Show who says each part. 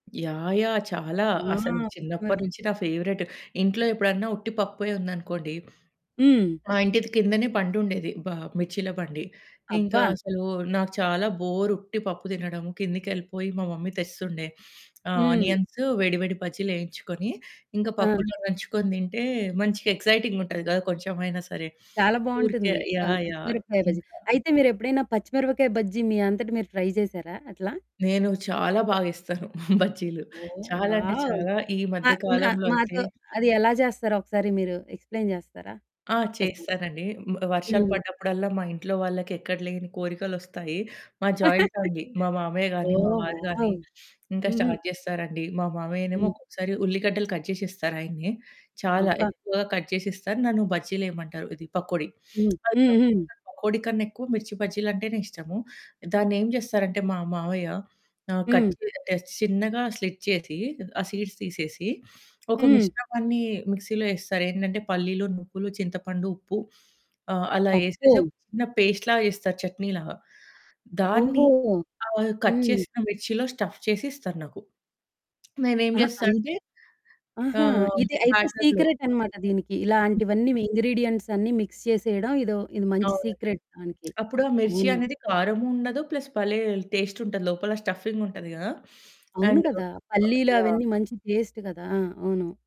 Speaker 1: Yeah! Yeah! చాలా.
Speaker 2: ఆ!
Speaker 1: అసలు
Speaker 2: పచ్చిమరు
Speaker 1: చిన్నప్పనుంచి నా ఫేవరెట్. ఇంట్లో ఎప్పుడన్నా ఉట్టి పప్పే ఉందనుకోండి,
Speaker 2: హ్మ్.
Speaker 1: మా ఇంటిది కిందనే బండుండేది, బ మిర్చిల బండి. ఇంకా
Speaker 2: అబ్బా!
Speaker 1: అసలూ నాకు చాలా బోరు ఉట్టి పప్పు దినడము. కిందకెళ్ళిపోయి మా మమ్మీ తెస్తుండే. ఆహ్,
Speaker 2: హ్మ్.
Speaker 1: ఆనియన్స్, వేడి, వేడి బజ్జీలేయించుకొని, ఇంక
Speaker 2: ఆ!
Speaker 1: పప్పులో నంచుకోని తింటే, మంచిగ ఎక్సైటింగ్‌గా ఉంటది గదా! కొంచెమైనా సరే.
Speaker 2: చాలా
Speaker 1: ఊరికే
Speaker 2: బావుంటుంది. ఆ
Speaker 1: యాహ్! యాహ్!
Speaker 2: పచ్చిమిరపకాయ బజ్జీ.
Speaker 1: ఇంకా
Speaker 2: అయితే, మీరెప్పుడైనా పచ్చిమిరపకాయ బజ్జీ మీ అంతట మీరు ట్రై జేశారా అట్లా?
Speaker 1: నేను చాలా బాగేస్తాను బజ్జీలు.
Speaker 2: ఓహ్!
Speaker 1: చాలా అంటే
Speaker 2: వావ్!
Speaker 1: చాలా. ఈ
Speaker 2: మా
Speaker 1: మధ్య
Speaker 2: నా
Speaker 1: కాలంలో అయితే
Speaker 2: మాతో అది ఎలా జేస్తారో ఒకసారి మీరు ఎక్స్‌ప్లెయిన్ జేస్తారా
Speaker 1: ఆ!
Speaker 2: ఒక్కసారి?
Speaker 1: చేస్తానండి. మ్ వర్షాలు
Speaker 2: హ్మ్.
Speaker 1: పడ్డప్పుడల్లా, మా ఇంట్లో వాళ్ళకెక్కడ లేని కోరికలొస్తాయి. మాది జాయింట్ ఫ్యామిలీ. మా మామయ్య గానీ, మా
Speaker 2: ఓహ్!
Speaker 1: వారు గానీ,
Speaker 2: వావ్!
Speaker 1: ఇంక
Speaker 2: హుహు.
Speaker 1: స్టార్ట్ జేస్తారండి. మా మామయ్యనేమో
Speaker 2: హ్మ్.
Speaker 1: ఒక్కొక్కసారి ఉల్లిగడ్డలు కట్ జేసిస్తారు ఆయనే. చాలా
Speaker 2: అబ్బా!
Speaker 1: ఎక్కువగా కట్ చేసిస్తారు, నన్ను బజ్జీలెయమంటారు, ఇది పకోడి.
Speaker 2: హ్మ్. హ్మ్.
Speaker 1: [unintelligible]
Speaker 2: హ్మ్.
Speaker 1: పకోడి కన్నెక్కువ మిర్చి బజ్జీలంటేనే ఇష్టము. దాన్నేం జేస్తారంటే మా మావయ్య, ఆహ్,
Speaker 2: హ్మ్.
Speaker 1: కట్ చే ఆహ్, చిన్నగా స్లిట్ చేసి, ఆ సీడ్స్ తీసేసి, ఒక
Speaker 2: హ్మ్.
Speaker 1: మిశ్రమాన్నీ మిక్సీలో యేస్తారేందంటే, పల్లీలు, నువ్వులు, చింతపండు, ఉప్పు, ఆహ్, అలా
Speaker 2: అబ్బో!
Speaker 1: యేసేసి ఒక చిన్న పేస్ట్‌ లాగ జేస్తారు చట్నీలాగా. దాన్ని
Speaker 2: ఓహోహో!
Speaker 1: ఆహ్, కట్
Speaker 2: హ్మ్.
Speaker 1: చేసిన మిర్చిలో స్టఫ్ చేసి ఇస్తరు నాకు. మేమేం
Speaker 2: అహా!
Speaker 1: జేస్తా
Speaker 2: అయి
Speaker 1: అంటే,
Speaker 2: ఆహా!
Speaker 1: ఆహ్,
Speaker 2: ఇది అయితే
Speaker 1: బ్యాటర్‌లో
Speaker 2: సీక్రెటనమాట దీనికి. ఇలాంటివన్నీ ఇంగ్రీడియెంట్సన్నీ మిక్స్ చేసేయడం, ఇదో, ఇది మంచి
Speaker 1: అవునండి.
Speaker 2: సీక్రెట్ దానికి.
Speaker 1: అప్పుడు ఆ మిర్చి
Speaker 2: అవును.
Speaker 1: అనేది కారము ఉండదు, ప్లస్ భలే టేస్టుంటది, లోపల స్టఫ్ఫింగుంటది గదా!
Speaker 2: అవును
Speaker 1: అండ్
Speaker 2: కదా!
Speaker 1: బ యాహ్!
Speaker 2: పల్లీలవన్నీ మంచి టేస్ట్ గదా! ఆ! అవును.